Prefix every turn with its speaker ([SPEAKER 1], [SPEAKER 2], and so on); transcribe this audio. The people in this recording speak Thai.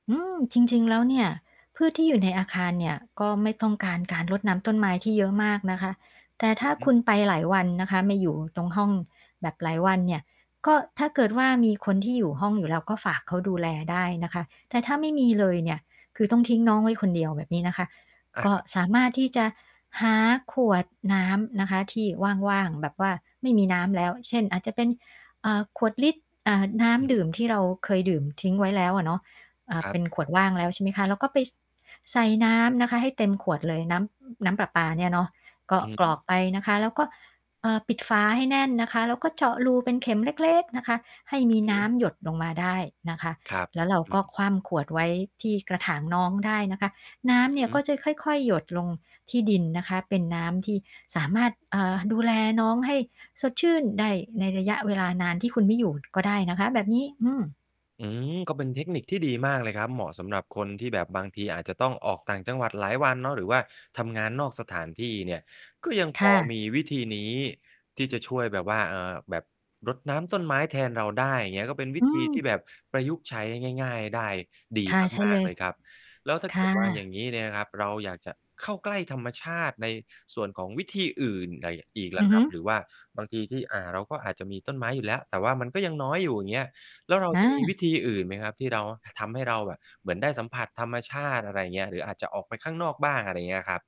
[SPEAKER 1] อืม จริง ๆ แล้วเนี่ย พืชที่อยู่ในอาคารเนี่ย ก็ไม่ต้องการ การรดน้ำต้นไม้ที่เยอะมากนะคะ แต่
[SPEAKER 2] อ
[SPEAKER 1] ถ
[SPEAKER 2] ื
[SPEAKER 1] ้า
[SPEAKER 2] อฮึ
[SPEAKER 1] คุณไปหลายวันนะคะ ไม่อยู่ตรงห้องแบบหลายวันเนี่ย ก็ถ้าเกิดว่ามีคนที่อยู่ห้องอยู่แล้ว ก็ฝากเขาดูแลได้นะคะ แต่ถ้าไม่มีเลยเนี่ย คือต้องทิ้งน้องไว้คนเดียว แบบนี้นะคะ
[SPEAKER 2] อา
[SPEAKER 1] ก็
[SPEAKER 2] ครับ
[SPEAKER 1] สามารถที่จะหาขวดน้ำนะคะที่ว่าง ๆ แบบว่าไม่มีน้ำแล้ว เช่น อาจจะเป็น อ่า ขวดลิตร อ่า น้
[SPEAKER 2] อือ
[SPEAKER 1] ำด
[SPEAKER 2] ฮ
[SPEAKER 1] ื
[SPEAKER 2] ึ
[SPEAKER 1] ่มที่เราเคยดื่มทิ้งไว้แล้วอะเนาะ อ่า
[SPEAKER 2] ครั
[SPEAKER 1] เป
[SPEAKER 2] บ
[SPEAKER 1] ็นขวดว่างแล้ว ใช่ไหมคะ เราก็ไป ส ใส่น้ำนะคะให้เต็มขวดเลย น้ำ น้ำประปาเนี่ยเนาะ ก็
[SPEAKER 2] อือ
[SPEAKER 1] กร
[SPEAKER 2] ฮึ
[SPEAKER 1] อกไปนะคะ แล้วก็ อ่า ปิดฝาให้แน่นนะคะ แล้วก็เจาะรูเป็นเข็มเล็ก ๆ นะคะ ให้ม
[SPEAKER 2] อ
[SPEAKER 1] ี
[SPEAKER 2] ือฮ
[SPEAKER 1] น้
[SPEAKER 2] ึ
[SPEAKER 1] ำหยดลงมาได้นะคะ
[SPEAKER 2] ครับ
[SPEAKER 1] แล้วเรา
[SPEAKER 2] อื
[SPEAKER 1] ก็
[SPEAKER 2] อ
[SPEAKER 1] คว่ำขวดไว้ที่กระถางน้องได้นะคะ น้
[SPEAKER 2] อื
[SPEAKER 1] ำ
[SPEAKER 2] อ
[SPEAKER 1] เนี่ย
[SPEAKER 2] ฮ
[SPEAKER 1] ก็
[SPEAKER 2] ึ
[SPEAKER 1] จะค่อย ๆ หยดลงที่ดินนะคะ เป็นน้ำที่สามารถ เอ่อ ดูแลน้องให้สดชื่นได้ในระยะเวลานานที่คุณไม่อยู่ก็ได้นะคะ แบบนี้ อืม
[SPEAKER 2] อืม ก็เป็นเทคนิคที่ดีมากเลยครับ เหมาะสำหรับคนที่แบบบางทีอาจจะต้องออกต่างจังหวัดหลายวันเนาะ หรือว่าทำงานนอกสถานที่เนี่ย ก็ยังพ
[SPEAKER 1] ค่
[SPEAKER 2] อ
[SPEAKER 1] ะ
[SPEAKER 2] มีวิธีนี้ที่จะช่วยแบบว่า เอ่อ แบบรดน้ำต้นไม้แทนเราได้ อย่างเงี้ย ก็เป็นวิ
[SPEAKER 1] อื
[SPEAKER 2] ธีที่
[SPEAKER 1] ม
[SPEAKER 2] แบบประยุกต์ใช้ง่าย ๆ ได้ดี
[SPEAKER 1] ค่ะ ใช่
[SPEAKER 2] มา
[SPEAKER 1] เล
[SPEAKER 2] ก ๆ
[SPEAKER 1] ย
[SPEAKER 2] เลยครับ แล้วถ้า
[SPEAKER 1] ค
[SPEAKER 2] เกิ
[SPEAKER 1] ่
[SPEAKER 2] ด ว่า อย่
[SPEAKER 1] ะ
[SPEAKER 2] างงี้เนี่ยนะครับ เราอยากจะเข้าใกล้ธรรมชาติในส่วนของวิธีอื่นไรอะ อีกล
[SPEAKER 1] อ
[SPEAKER 2] ่
[SPEAKER 1] ื
[SPEAKER 2] ะ
[SPEAKER 1] อ
[SPEAKER 2] ค
[SPEAKER 1] ฮ
[SPEAKER 2] รั
[SPEAKER 1] ึ
[SPEAKER 2] บ หรือว่าบางทีที่ อ่า เราก็อาจจะมีต้นไม้อยู่แล้ว แต่ว่ามันก็ยังน้อยอยู่ อย่างเงี้ย แล้วเรา
[SPEAKER 1] ค่
[SPEAKER 2] จะ มี วิ
[SPEAKER 1] ะ
[SPEAKER 2] ธีอื่นไหมครับที่เรา ทำให้เราแบบเหมือนได้สัมผัสธรรมชาติ อะไรอย่างเงี้ย หรืออาจจะออกไปข้างนอกบ้าง อะไรอย่างเงี้ยครับ?